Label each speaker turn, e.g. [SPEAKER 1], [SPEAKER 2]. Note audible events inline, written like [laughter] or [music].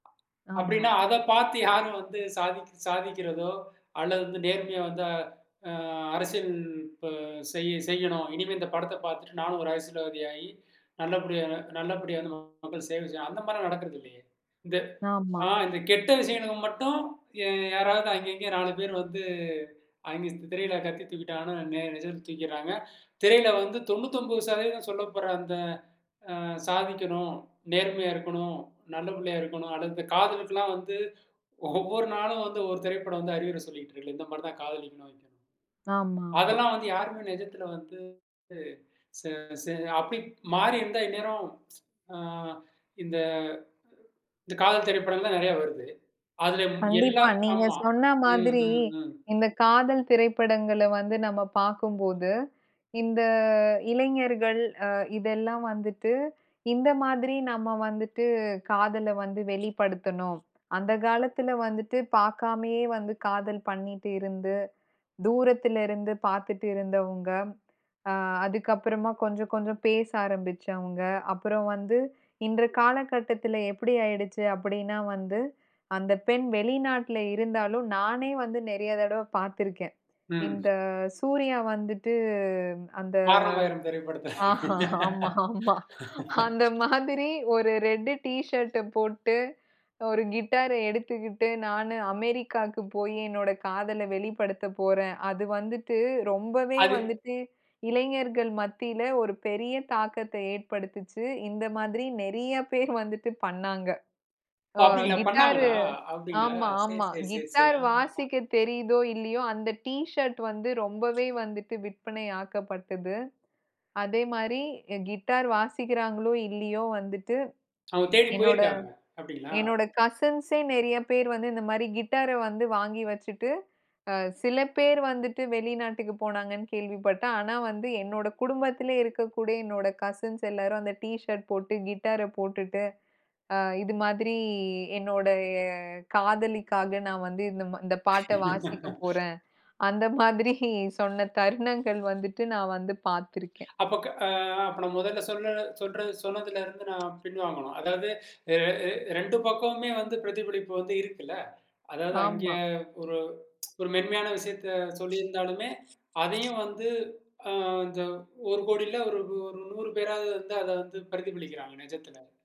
[SPEAKER 1] அப்படின்னா
[SPEAKER 2] ஆமா.
[SPEAKER 1] அத பார்த்து யாரும் வந்து சாதிக் சாதிக்கிறதோ, அல்லது நேர்மையா வந்து அ அரசியல் இப்ப செய் செய்யணும். "இனிமே இந்த படத்தை பார்த்துட்டு நானும் ஒரு அரசியல்வாதி ஆயி நல்ல நல்லபடி நல்ல நல்லபடியா வந்து மக்கள் சேவை செய்யணும்," அந்த மாரிலாம் நடக்கறது இல்லையே! இந்த
[SPEAKER 2] ஆமா.
[SPEAKER 1] அ இந்த கெட்ட விஷயங்களுக்கு மட்டும் யே யாராவது அங்க
[SPEAKER 2] ம்.
[SPEAKER 1] இங்க 4 பேர் வந்து, அங்க திரையில கத்தி தூக்கிட்டாங்கன்னா நேர் நிஜத்தில தூக்கிறாங்க. திரையில வந்து 99% சொல்லப்படுற அந்த அ சாதிக்கணும், நேர்மையா இருக்கணும், நல்ல பிள்ளையா இருக்கணும். அடுத்து காதலுக்கெல்லாம் வந்து ஒவ்வொரு நாளும் வந்து ஒவ்வொரு திரைப்படம் வந்து அறிவுரை சொல்லிக்கிட்டு இருக்குல, இந்த மாதிரி தான் காதலிக்கணும். [unintelligible]
[SPEAKER 2] ஆமா, ஆமா.
[SPEAKER 1] அதெல்லாம் வந்து யாருமே நிஜத்தில வந்து [unintelligible] அப்படி மாறி இருந்தா, இந்நேரம் அ- இந்த இந்த காதல் திரைப்படங்கள்லாம் நிறைய வருது. அதில எல்லா,
[SPEAKER 2] கண்டிப்பா. நீங்க
[SPEAKER 1] ஆமா.
[SPEAKER 2] சொன்ன
[SPEAKER 1] ம்,
[SPEAKER 2] மாதிரி,
[SPEAKER 1] ம், ம்.
[SPEAKER 2] இந்த காதல் திரைப்படங்கள்ல வந்து, நம்ம பார்க்கும்போது இந்த இளைஞர்கள் அ இதெல்லாம் வந்துட்டு இந்த மாதிரி நம்ம வந்துட்டு காதல்ல வந்து வெளிப்படுத்தணும். அந்த காலத்தில வந்துட்டு பார்க்காமயே வந்து காதல் பண்ணிட்டு இருந்து, தூரத்திலயிருந்து பார்த்துட்டு இருந்தவங்க. அ அதுக்கப்புறமா கொஞ்சம், கொஞ்சம் பேச ஆரம்பிச்சவங்க. அப்புறம் வந்து, இந்த காலகட்டத்தில எப்படி ஆயிடுச்சு அப்படின்னா வந்து, அந்த பெண் வெளிநாட்டில இருந்தாலும் நானே வந்து நிறைய தடவை பார்த்திருக்கேன்.
[SPEAKER 1] ம்.
[SPEAKER 2] இந்த சூர்யா வந்துட்டு அந்த
[SPEAKER 1] வாரணம் ஆயிரம் திரைப்படத்தல.
[SPEAKER 2] ஆ ஆமா ஆமா. அந்த மாதிரி ஒரு ரெட்டு டீ ஷர்ட் போட்டு ஒரு கிட்டார்ர எடுத்துக்கிட்டு நானு அமெரிக்காவுக்கு போய் என்னோட காதல வெளிப்படுத்தப் போறேன். அது வந்துட்டு ரொம்பவே
[SPEAKER 1] அது
[SPEAKER 2] வந்துட்டு இளைஞர்கள் மத்தியில ஒரு பெரிய தாக்கத்த ஏற்படுத்துச்சு. இந்த மாதிரி நிறைய பேர் வந்துட்டு பண்ணாங்க.
[SPEAKER 1] ஓ!
[SPEAKER 2] ஒ
[SPEAKER 1] அப்படிங்களா
[SPEAKER 2] கிட்டார்
[SPEAKER 1] பண்ணாங்களா? அப்படிங்களா
[SPEAKER 2] ஆமா,
[SPEAKER 1] சேரி
[SPEAKER 2] ஆமா
[SPEAKER 1] சேரி சேரி சேரி.
[SPEAKER 2] கிட்டார்
[SPEAKER 1] ஆ,
[SPEAKER 2] வாசிக்க தெரியுதோ, இல்லையோ அந்த டீ ஷர்ட் வந்து ரொம்பவே வந்துட்டு விற்பனை ஆக்கப்பட்டது. அதே மாரி கிட்டார் வாசிக்கிறாங்களோ இல்லையோ வந்துட்டு,
[SPEAKER 1] அவுங்க தேடி
[SPEAKER 2] என்னோட
[SPEAKER 1] போயிருக்காங்க, அப்படிங்களா?
[SPEAKER 2] என்னோட கசின்ஸே நிறைய பேர் வந்து இந்த மாரி கிட்டார வந்து வாங்கி வச்சுட்டு, அ சில பேர் வந்துட்டு வெளிநாட்டுக்கு போனாங்கன்னு கேள்விப்பட்டேன், ஆனா வந்து என்னோட குடும்பத்திலேயே இருக்கக்கூடிய என்னோட கசின்ஸ் எல்லாரும் அந்த டீ ஷர்ட் போட்டு கிட்டார போட்டுட்டு அ இது மாதிரி என்னோட காதலிக்காக நான் வந்து இந்த இந்த பாட்ட வாசிக்க போறேன். அந்த மாதிரி சொன்ன தருணங்கள் வந்துட்டு நான் வந்து பார்த்திருக்கேன்.
[SPEAKER 1] அப்போ க அ நான் முதல்ல சொல்லற சொல்லறது சொன்னதிலேந்து நா பின் வாங்கணும். அதாவது, அ -அ 2 பக்கமுமே வந்து பிரதிபலிப்பு வந்து இருக்குல்ல, அதாவது அங்கே
[SPEAKER 2] ஆமா.
[SPEAKER 1] ஒரு [tsk] ஒரு மென்மையான விஷயத்த சொல்லியிருந்தாலுமே அதையும் வந்து, அ இந்த 1ஒரு கோடியில ஒரு 100 பேராவது வந்து அதை வந்து பிரதிபலிக்கிறாங்க நிஜத்தில.